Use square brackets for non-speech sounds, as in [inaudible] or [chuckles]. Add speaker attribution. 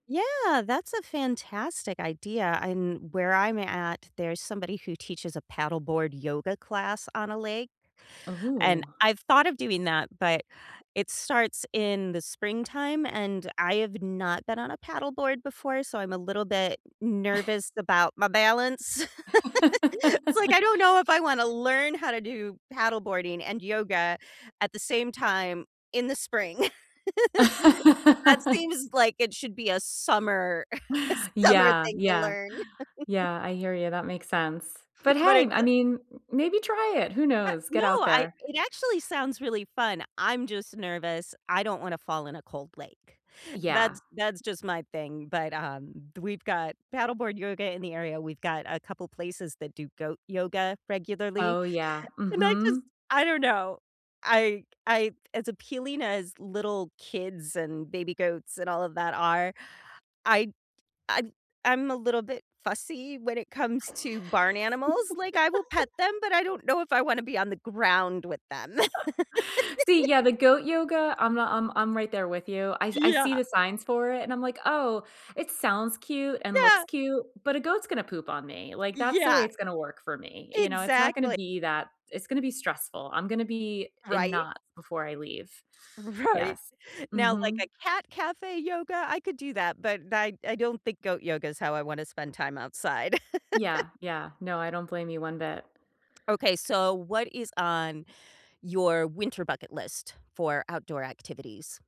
Speaker 1: Yeah, that's a fantastic idea, and where I'm at, there's somebody who teaches a paddleboard yoga class on a lake, and
Speaker 2: Ooh.
Speaker 1: I've thought of doing that, but, it starts in the springtime, and I have not been on a paddleboard before, so I'm a little bit
Speaker 2: [chuckles]
Speaker 1: nervous about my balance. [laughs] It's like,
Speaker 2: [laughs]
Speaker 1: I don't know if I wanna learn how to do paddleboarding and yoga at the same time in the spring. [laughs] That seems
Speaker 2: [laughs]
Speaker 1: like it should be a summer [chuckles] summer
Speaker 2: Yeah,
Speaker 1: thing to
Speaker 2: yeah.
Speaker 1: learn. [laughs]
Speaker 2: Yeah. I hear you, that makes sense, but,
Speaker 1: But
Speaker 2: hey,
Speaker 1: it's
Speaker 2: I
Speaker 1: a
Speaker 2: mean, m maybe try it. Who
Speaker 1: But
Speaker 2: knows?
Speaker 1: no,
Speaker 2: Get out
Speaker 1: I
Speaker 2: there.
Speaker 1: it actually sounds really fun, I'm just nervous, I don't wanna fall in a cold lake,
Speaker 2: Yeah.
Speaker 1: that's that's just my thing, but, um, th we've got paddleboard yoga in the area, we've got a couple places that do goat yoga regularly,
Speaker 2: Oh, yeah,
Speaker 1: and I just,
Speaker 2: mhm.
Speaker 1: I don't know. I c I as appealing as little kids and baby goats and all of that are, I t I I'm a little bit fussy when it comes to barn animals, like, I will pet them,
Speaker 2: [laughs]
Speaker 1: but I don't know if I wanna be on the ground with them.
Speaker 2: [laughs] See, yeah,
Speaker 1: [laughs]
Speaker 2: the goat yoga, I'm uh I'm I'm right there with you, I I see
Speaker 1: Yeah.
Speaker 2: the signs for it, and I'm, like, "Oh, it sounds cute and
Speaker 1: Yeah.
Speaker 2: looks cute, but a goat's gonna poop on me," like, that's the way
Speaker 1: Yeah.
Speaker 2: it's gonna work for me, you know, it's not gonna
Speaker 1: Exactly.
Speaker 2: be that it's gonna be stressful, i'm gonna be in
Speaker 1: Right?
Speaker 2: knots before I leave.
Speaker 1: Right,
Speaker 2: Yes.
Speaker 1: now, like a
Speaker 2: Mhm.
Speaker 1: cat cafe yoga, I could do that, but I I don't think goat yoga is how I wanna spend time outside. [laughs]
Speaker 2: Yeah, yeah, no, I don't blame you one bit.
Speaker 1: Okay, so what is on your winter bucket list for outdoor activities?